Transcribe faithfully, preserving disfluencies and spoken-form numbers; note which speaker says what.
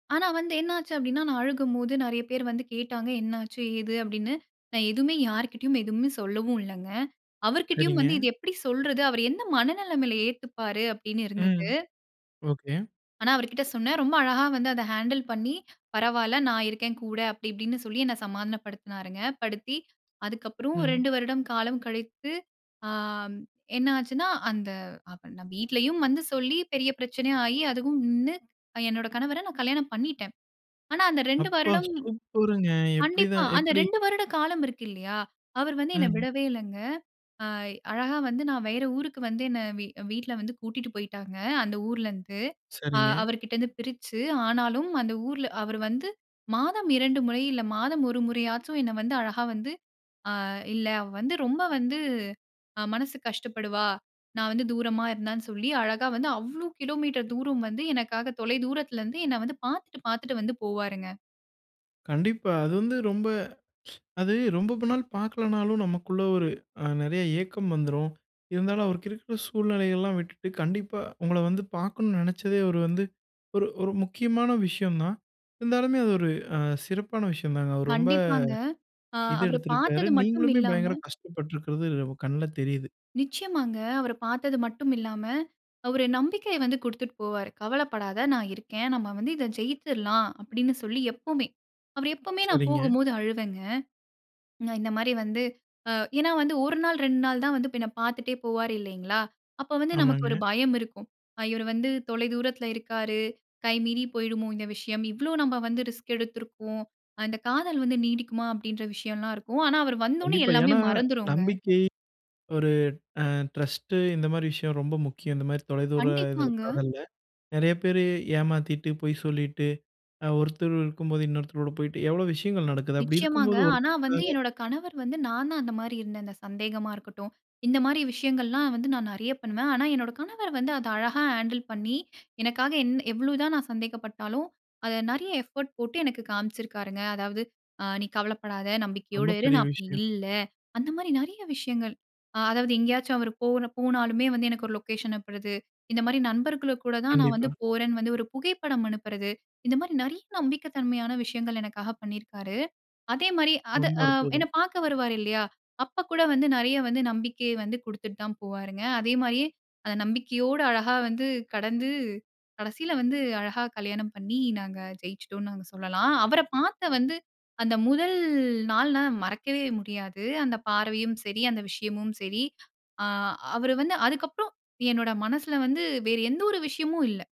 Speaker 1: ஆனா, வந்து என்ன ஆச்சு அப்டினா நான் அழுகும்போது நெறைய பேர் வந்து கேட்டாங்க. என்ன ஆச்சு ஏது அப்டின்னு நான் எதுமே யார்கிட்டயும் எதுமே சொல்லவு இல்லங்க. அவர்கிட்டயும்
Speaker 2: சரிங்க.
Speaker 1: வந்து இத எப்டி சொல்றது அவர் எந்த மனநிலமையில ஏத்துப்பாரு அப்டின்னு
Speaker 2: ம்.
Speaker 1: இருந்தது.
Speaker 2: ஓகே.
Speaker 1: ஆனா, அவர்கிட்ட சொன்னேன். ரொம்ப அழகா வந்து அத ஹேண்டில் பண்ணி, பரவாயில்ல நான் இருக்கேன். கூட, அப்டி இப்டின்னு சொல்லி என்ன சமாதானப்படுத்தினாருங்க. படுத்தி அதுக்கப்புறம்
Speaker 2: ம்.
Speaker 1: ரெண்டு வருடம் காலம் கழித்து ஆ என்ன ஆச்சுனா அந்த அவன வ வீட்லயும் வந்து சொல்லி பெரிய பிரச்சனை ஆயி, அதுவும் நின்னு அ என்னோட கணவர நான் கல்யாணம் பண்ணிட்டேன். ஆனா, அந்த ரெண்டு
Speaker 2: அப்பா!
Speaker 1: வருடம்
Speaker 2: சூப்பருங்க.
Speaker 1: கண்டிப்பா.
Speaker 2: எப்டிதான்
Speaker 1: அந்த
Speaker 2: எப்டி?
Speaker 1: ரெண்டு வருட காலம் இருக்கில்லையா? அவரு வந்து என்ன
Speaker 2: ம்.
Speaker 1: விடவே இல்லங்க. அ அழகா வந்து நான் வேற ஊருக்கு வந்து என்ன வீ வீட்ல வந்து கூட்டிட்டு போயிட்டாங்க. அந்த ஊரிலேருந்து அ
Speaker 2: சரிங்க.
Speaker 1: அவர்கிட்ட இருந்து பிரிச்சு, ஆனாலும் அந்த ஊர்ல அவர் வந்து மாதம் இரண்டு முறை, இல்ல மாதம் ஒரு முறையாச்சும் என்ன வந்து அழகா வந்து, அ இல்ல அவ வந்து ரொம்ப வந்து அ மனசு கஷ்டப்படுவா நான் வந்து தூரமா இருந்தான்னு சொல்லி, அழகா வந்து அவ்வளோ கிலோமீட்டர் தூரம் வந்து எனக்காக தொலை தூரத்தில இருந்து என்னை வந்து பார்த்துட்டு, பார்த்துட்டு வந்து போவாருங்க.
Speaker 2: கண்டிப்பா. அது வந்து ரொம்ப அது ரொம்ப நாள் பார்க்கலனாலும் நமக்குள்ள ஒரு அ நெறைய ஏக்கம் வந்துரும். இருந்தாலும் அவருக்கு இருக்கிற சூழ்நிலைல்லா விட்டுட்டு கண்டிப்பா, உங்கள வந்து பார்க்கணும்னு நெனச்சதே அவரு வந்து ஒரு ஒரு முக்கியமான விஷயம் தான் இருந்தாலுமே, அது ஒரு அ சிறப்பான விஷயம் தாங்க. அவர் ரொம்ப
Speaker 1: கண்டிப்பாங்க. ஆ
Speaker 2: இது
Speaker 1: அவர
Speaker 2: எடுத்துருக்காரு
Speaker 1: பார்த்தது மட்டும்
Speaker 2: நீங்களுமே
Speaker 1: இல்லாம
Speaker 2: பயங்கர கஷ்டப்பட்டிருக்கிறது வு கண்ல தெரியுது.
Speaker 1: நிச்சியமாங்க அவர பார்த்தது மட்டும் இல்லாம அவர் நம்பிக்கைய வந்து குடுத்துட்டு போவாரு. கவலப்படாத நான் இருக்கேன். நம்ம வந்து இத ஜெயிச்சுரலாம் அப்டின்னு சொல்லி, எப்பமே அவர் எப்பமே நான்
Speaker 2: சரிங்க.
Speaker 1: போகும்போது அழுவேங்க. இந்த மாரி வந்து ஏனா, வந்து ஒரு நாள், ரெண்டு நாள் தான் வந்து பின்ன பார்த்துட்டே போவார் இல்லைங்களா? அப்ப வந்து நமக்கு ஒரு
Speaker 2: ஆமாங்க.
Speaker 1: பயம் இருக்கும். இவர் வந்து தொலை தூரத்தில இருக்காரு. கை மீறி போய்டுமோ இந்த விஷயம். இவ்வளோ நம்ம வந்து ரிஸ்க் எடுத்திருக்கோம். அந்த காதல் வந்து நீடிக்குமா அப்படீன்ற விஷயம்லாம் இருக்கும். ஆனா, அவர் வந்தோனே
Speaker 2: கண்டிப்பா.
Speaker 1: எல்லாமே
Speaker 2: ஏனா,
Speaker 1: மறந்துருங்க.
Speaker 2: நம்பிக்கை ஒரு அ ட்ரஸ்ட்டு இந்த மாரி விஷயம் ரொம்ப முக்கியம். இந்த மாரி தொலைதூர இதுல
Speaker 1: கண்டிப்பாங்க.
Speaker 2: காதல்ல. நெறைய பேரு ஏமாத்திட்டு பொய் சொல்லிட்டு அ ஒருத்தர் இருக்கும்போது இன்னொருத்தரோட போயிட்டு எவ்ளோ விஷயங்கள் நடக்குது. அப்டி
Speaker 1: நிச்சியமாங்க.
Speaker 2: இருக்கும்போது
Speaker 1: ஆனா, வந்து
Speaker 2: ஒருத்தருக்காக
Speaker 1: என்னோட கணவர் வந்து நான் தான் அந்த மாரி இருந்தேன் அந்த சந்தேகமா இருக்கட்டும். இந்த மாரி விஷயங்கள்லாம் வந்து நான் நெறைய பண்ணுவேன். ஆனா, என்னோட கணவர் வந்து அத அழகா ஹேண்டில் பண்ணி எனக்காக என் எவ்ளோ தான் நான் சந்தேகப்பட்டாலும். அத நெறைய எஃபோர்ட் போட்டு எனக்கு காமிச்சிருக்காருங்க. அதாவது அ நீ கவலப்படாத நம்பிக்கையோட
Speaker 2: ரொம்ப
Speaker 1: இரு,
Speaker 2: பெரிய
Speaker 1: நான் அப்டி
Speaker 2: விஷயம்.
Speaker 1: இல்ல அந்த மாரி நெறைய விஷயங்கள். அ அதாவது எங்கயாச்சும் அவர் போ போனாலுமே வந்து, எனக்கு ஒரு லொக்கேஷன் அனுப்புறது இந்த மாரி நண்பர்களுக்கு கூட தான் நான் வந்து
Speaker 2: கண்டிப்பா.
Speaker 1: போறேன்னு வந்து, ஒரு புகைப்படம் அனுப்புறது இந்த மாரி நெறைய நம்பிக்க தன்மையான விஷயங்கள் எனக்காக பண்ணியிருக்காரு. அதே மாரி அத
Speaker 2: ரொம்ப
Speaker 1: அ என்ன
Speaker 2: அற்புதம்.
Speaker 1: பார்க்க வருவாரு இல்லையா? அப்ப கூட வந்து நெறைய வந்து நம்பிக்கை வந்து குடுத்துட்டு தான் போவாருங்க. அதே மாதிரியே அந்த நம்பிக்கையோட அழகா வந்து கடந்து கடைசீல வந்து அழகா கல்யாணம் பண்ணி நாங்க ஜெயிச்சுட்டோன்னு நாங்க சொல்லலாம். அவர பார்த்த வந்து அந்த முதல் நாள் நான் மறக்கவே முடியாது. அந்த பார்வையும் சரி, அந்த விஷயமும் சரி. ஆ அவர் வந்து அதுக்கப்புறம் என்னோட மனசில வந்து வேற எந்த ஒரு விஷயமும் இல்ல.